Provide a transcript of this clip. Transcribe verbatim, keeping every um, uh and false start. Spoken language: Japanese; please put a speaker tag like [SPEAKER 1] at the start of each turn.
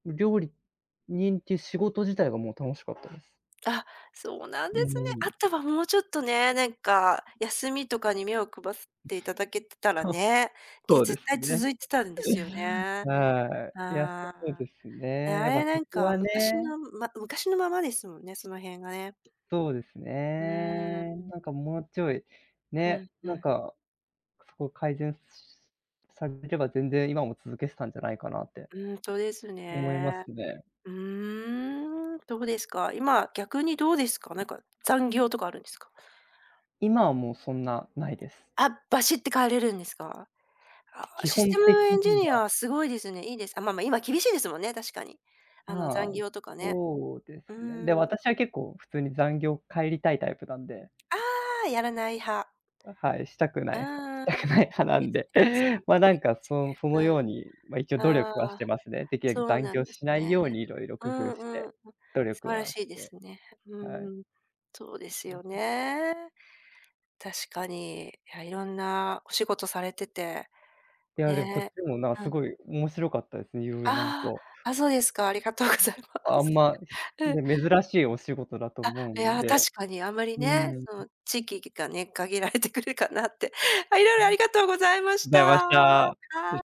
[SPEAKER 1] 料理、人っていう仕事自体がもう楽しかったです。
[SPEAKER 2] あっ、そうなんで
[SPEAKER 1] う
[SPEAKER 2] すね。あ
[SPEAKER 1] ん。
[SPEAKER 2] とはもうちょっとね、なんか、休みとかに目をくばすっていただけてたら
[SPEAKER 1] は、
[SPEAKER 2] ね。で、
[SPEAKER 1] そう
[SPEAKER 2] 絶
[SPEAKER 1] です
[SPEAKER 2] 対
[SPEAKER 1] ね。
[SPEAKER 2] 続いてたんですよ ね。
[SPEAKER 1] はい。いや、
[SPEAKER 2] あ
[SPEAKER 1] そうで
[SPEAKER 2] あ。
[SPEAKER 1] すね。
[SPEAKER 2] あ
[SPEAKER 1] やっぱ
[SPEAKER 2] れ
[SPEAKER 1] そ
[SPEAKER 2] なん
[SPEAKER 1] こ
[SPEAKER 2] か、
[SPEAKER 1] は
[SPEAKER 2] 昔
[SPEAKER 1] ね
[SPEAKER 2] のんま、昔のままですもんね、その辺がね。
[SPEAKER 1] そうです
[SPEAKER 2] うーん。うん。
[SPEAKER 1] ね。なんかもうちょい
[SPEAKER 2] う
[SPEAKER 1] ね、
[SPEAKER 2] んう
[SPEAKER 1] なん
[SPEAKER 2] ん。
[SPEAKER 1] か、そこ改善し、されれば全然、今も続けてたんじゃないかなって
[SPEAKER 2] うんとです
[SPEAKER 1] 思いま
[SPEAKER 2] ね。
[SPEAKER 1] すね。
[SPEAKER 2] ふーん、どうですか？今、逆にどうですか？なんか、残業とかあるんですか？
[SPEAKER 1] 今はもうそんなないです。
[SPEAKER 2] あっ、バシッて帰れるんですか？ああ、
[SPEAKER 1] 基
[SPEAKER 2] シス
[SPEAKER 1] 本
[SPEAKER 2] テム
[SPEAKER 1] 的
[SPEAKER 2] エンジ
[SPEAKER 1] に
[SPEAKER 2] ニア
[SPEAKER 1] は
[SPEAKER 2] はすごいですね。いいですあ、ま、ま、今厳しいですもんね、確かに。あの
[SPEAKER 1] ま、
[SPEAKER 2] 残業とかね。
[SPEAKER 1] そうで
[SPEAKER 2] う
[SPEAKER 1] すね。で、
[SPEAKER 2] ん。
[SPEAKER 1] 私は結構普通に、残業帰りたいタイプなんで
[SPEAKER 2] ああやらない派
[SPEAKER 1] あ、はい、したくな
[SPEAKER 2] う
[SPEAKER 1] い派、し
[SPEAKER 2] ー
[SPEAKER 1] たく
[SPEAKER 2] ん、い
[SPEAKER 1] な
[SPEAKER 2] い
[SPEAKER 1] い派な
[SPEAKER 2] で
[SPEAKER 1] ん
[SPEAKER 2] す
[SPEAKER 1] で、
[SPEAKER 2] ね。
[SPEAKER 1] ま、な
[SPEAKER 2] いい
[SPEAKER 1] ん
[SPEAKER 2] で
[SPEAKER 1] か
[SPEAKER 2] す
[SPEAKER 1] その
[SPEAKER 2] ね。
[SPEAKER 1] そのようにま、一応
[SPEAKER 2] うん。
[SPEAKER 1] 努力は
[SPEAKER 2] あ
[SPEAKER 1] して
[SPEAKER 2] あ、
[SPEAKER 1] ますね。できるだ
[SPEAKER 2] そう
[SPEAKER 1] け残
[SPEAKER 2] なん
[SPEAKER 1] 業
[SPEAKER 2] です
[SPEAKER 1] しない
[SPEAKER 2] ね。
[SPEAKER 1] ようにいろいろ工
[SPEAKER 2] う
[SPEAKER 1] 夫し
[SPEAKER 2] んう
[SPEAKER 1] て、
[SPEAKER 2] ん。
[SPEAKER 1] 努
[SPEAKER 2] 素
[SPEAKER 1] 力
[SPEAKER 2] 晴ら
[SPEAKER 1] は
[SPEAKER 2] しい
[SPEAKER 1] し
[SPEAKER 2] で
[SPEAKER 1] て
[SPEAKER 2] すね。う
[SPEAKER 1] はい。
[SPEAKER 2] ん。そうですよ ね。確かに。いや、色んなお仕事されてて。
[SPEAKER 1] いや、でもこっち
[SPEAKER 2] ね
[SPEAKER 1] もなん
[SPEAKER 2] え。う
[SPEAKER 1] す
[SPEAKER 2] ん。
[SPEAKER 1] ごい面白かったです。色々、なんか
[SPEAKER 2] ああ、あ、そうですか。ありがとうご ざいま
[SPEAKER 1] あん
[SPEAKER 2] す。
[SPEAKER 1] ま
[SPEAKER 2] うん。
[SPEAKER 1] ね、珍しいお仕事だと
[SPEAKER 2] あっ、
[SPEAKER 1] 思う
[SPEAKER 2] い
[SPEAKER 1] ん
[SPEAKER 2] や
[SPEAKER 1] で。う
[SPEAKER 2] 確かにあまり
[SPEAKER 1] ー
[SPEAKER 2] ね、
[SPEAKER 1] ん。う。
[SPEAKER 2] その地域きがね、限られてくるかなって。あ、色
[SPEAKER 1] う
[SPEAKER 2] 々あ
[SPEAKER 1] ん。
[SPEAKER 2] りがとうございまし
[SPEAKER 1] ざいまし
[SPEAKER 2] た。は
[SPEAKER 1] た。